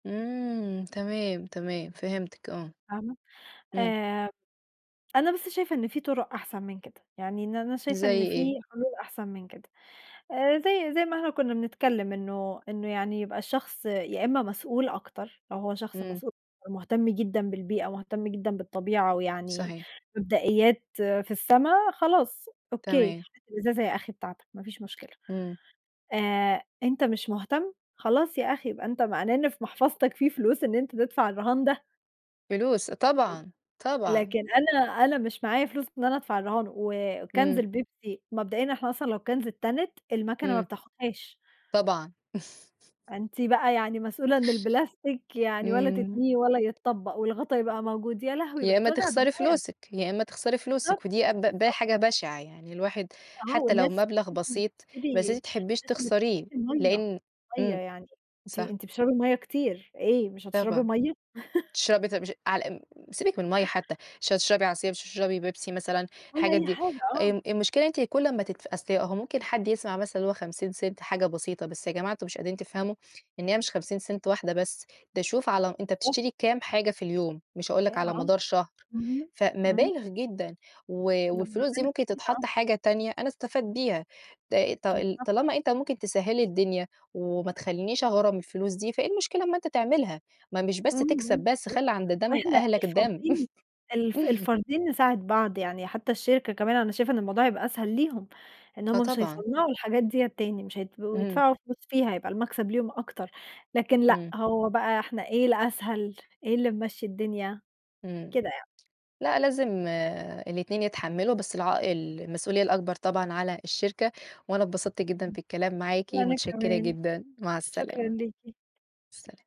إمم، تمام، تمام فهمتِك، آه فاهمة؟ إمم. آآ، أنا بس شايفة إن في طرق أحسن من كده، يعني إن أنا شايفة إن زَي في إيه؟ حلول أحسن من كده. آآ، زي زي ما إحنا كُنا بنتكلم إنه إنه يعني يبقى الشخص يا إما مسؤول أكتر، لو هو شخص إمم. مسؤ ومهتم جدًا بالبيئة، مهتم جدًا بالطبيعة، ويعني صحيح. مبدئيات في السما خلاص أوكي، تمام. [unintelligible] الإزازة يا أخي بتاعتك ما فيش مشكلة. إمم. آآ أنت مش مهتم، خلاص يا أخي يبقى أنت معناه إن في محفظتك في فلوس إن أنت تدفع الرهان ده. فلوس، لكن طبعًا، طبعًا. لكن أنا أنا مش معايا فلوس إن أنا أدفع الرهان، وكانز إمم. البيبسي مبدئيًا إحنا أصلًا لو كانز اتتنت، المكنة ما إمم. بتاخدهاش. طبعًا. أنتِ بَقى يعني مسؤولة إن البلاستيك يعني ولا إمم. تتنيه، ولا يتطبق، والغطا يبقى موجود، يا لهوي، يا بَقِت إما وجع تخسري دماغ! فلوسِك، يا إما تخسري بالضبط، فلوسِك، ودي أب ب بالضبط. حاجة بشعة يعني، الواحد آه، حتى لو والناس مبلغ [unintelligible] بسيط بس تشتري أنتِ تحبيش الناس اللي تخسريه، بتشتري المَيّة، لأن المَيّة إمم، يعني أنتِ صح. أنتِ بتشربي المَيّة كتير، إيه مش هتشربي طبعًا مَيّة؟ تشربي طب [unintelligible] على م سيبِك من المَيّة حتى، مش هتشربي عصير، مش هتشربي بيبسي مثلًا، ولا الحاجات أي دي، حاجة، آه. آمم آآ المشكلة إن أنتِ كل أما تدف أصل هو ممكن حد يسمع مثلًا اللي هو ¢50 حاجة بسيطة، بس يا جماعة أنتم مش قادرين تفهموا إن هي مش ¢50 واحدة بس، ده شوف على أنت [unintelligible] بتشتري كام حاجة في اليوم، مش هاقول لك على ياه! مدار شهر، اهم إمم. فمَبالغ جدًا و ده والفلوس دي بمبالغ ممكن كبيرة، تتحط آه. حاجة تانية أنا استفاد بيها، ط طل [unintelligible] طالما أنت ممكن تسهِّل لي الدنيا، وما تخلينش أغرم الفلوس دي، فإيه المشكلة أما أنت تعملها؟ ما مش بس إمم، تكسب إمم بس [unintelligible] خلي عند دم وإحنا أهلك دم. الفردين الف الفردين نساعد بعض، يعني حتى الشركة كمان أنا شايفة إن الموضوع هيبقى أسهل ليهم، إن آه، هُم مش طبعًا. هيصنعوا الحاجات ديّة تاني، مش هيبقوا اهم. يدفعوا فلوس فيها، هيبقى المكسب ليهم أكتر. لكن لأ إمم. هو بَقى إحنا إيه الأسهل؟ إيه اللي ممشي الدنيا؟ إمم، كده يعني. لأ لازم الاتنين يتحملوا بس العائ المسؤولية الأكبر طبعًا على الشركة، وأنا اتبسطت جدًا في [unintelligible] الكلام معاكِ، وأنا متشكرة كمان، جدًا، مع شكرًا السلامة. ليكِ. سلام.